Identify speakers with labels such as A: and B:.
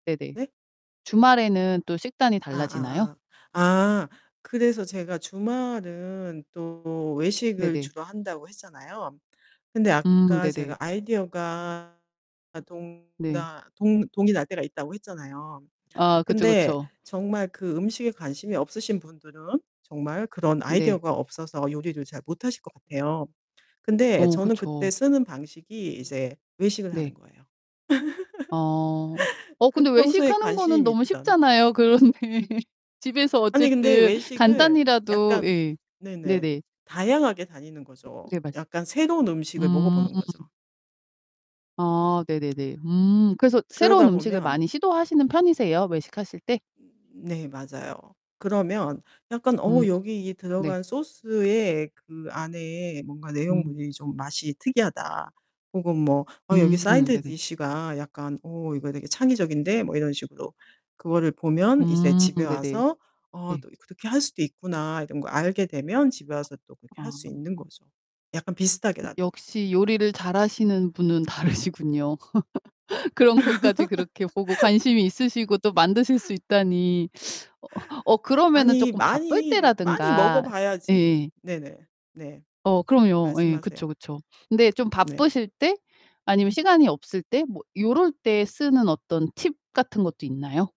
A: 네네.
B: 네?
A: 주말에는 또 식단이
B: 아
A: 달라지나요?
B: 아 아. 아 그래서 제가 주말은 또 외식을
A: 네네.
B: 주로 한다고 했잖아요. 근데
A: 음
B: 아까 제가
A: 네네.
B: 아이디어가 아 동
A: 네.
B: 나 동 동이 날 때가 있다고 했잖아요.
A: 아 그쵸,
B: 근데
A: 그쵸.
B: 정말 그 음식에 관심이 없으신 분들은 정말 그런
A: 네.
B: 아이디어가 없어서 요리를 잘 못 하실 것 같아요. 근데
A: 어
B: 저는 그때
A: 그쵸.
B: 쓰는 방식이 이제 외식을 하는
A: 네.
B: 거예요.
A: 아. 어
B: 그
A: 근데
B: 평소에
A: 외식하는 거는
B: 관심이
A: 너무
B: 있던.
A: 쉽잖아요. 그런데 집에서
B: 아니 근데
A: 어쨌든
B: 외식을
A: 간단히라도
B: 약간
A: 예.
B: 네네
A: 네네.
B: 다양하게 다니는 거죠.
A: 네 말씀
B: 약간 새로운 음식을 먹어
A: 음.
B: 보는 거죠.
A: 아 네네네. 음 그래서 새로운
B: 그러다
A: 음식을 많이
B: 보면
A: 시도하시는 편이세요? 외식하실 때?
B: 네 맞아요. 그러면 약간
A: 음.
B: '어 여기 이
A: 네.
B: 들어간 소스에 그 안에 뭔가
A: 음.
B: 내용물이 좀 맛이 특이하다.' 혹은 뭐 '어 여기
A: 음.
B: 사이드
A: 네네.
B: 디시가 약간 어 이거 되게 창의적인데?' 뭐 이런 식으로 그거를 보면 이제
A: 음.
B: 집에
A: 네네.
B: 와서 '어
A: 네.
B: 또 이 그렇게 할 수도 있구나.' 이런 걸 알게 되면 집에 와서 또 그렇게
A: 아.
B: 할 수 있는 거죠 약간
A: 여
B: 비슷하게라도.
A: 역시 요리를 잘하시는 분은 다르시군요. 그런 것까지 그렇게 보고 관심이 있으시고 또 만드실 수 있다니 어 어 그러면은
B: 아니
A: 쪼끔 바쁠
B: 많이, 많이 먹어
A: 때라든가
B: 봐야지
A: 예예예.
B: 네네. 네.
A: 어 그럼요. 예.
B: 말씀하세요.
A: 그쵸, 그쵸. 근데 좀
B: 네.
A: 바쁘실 때 아니면 시간이 없을 때 뭐 요럴 때 쓰는 어떤 팁 같은 것도 있나요?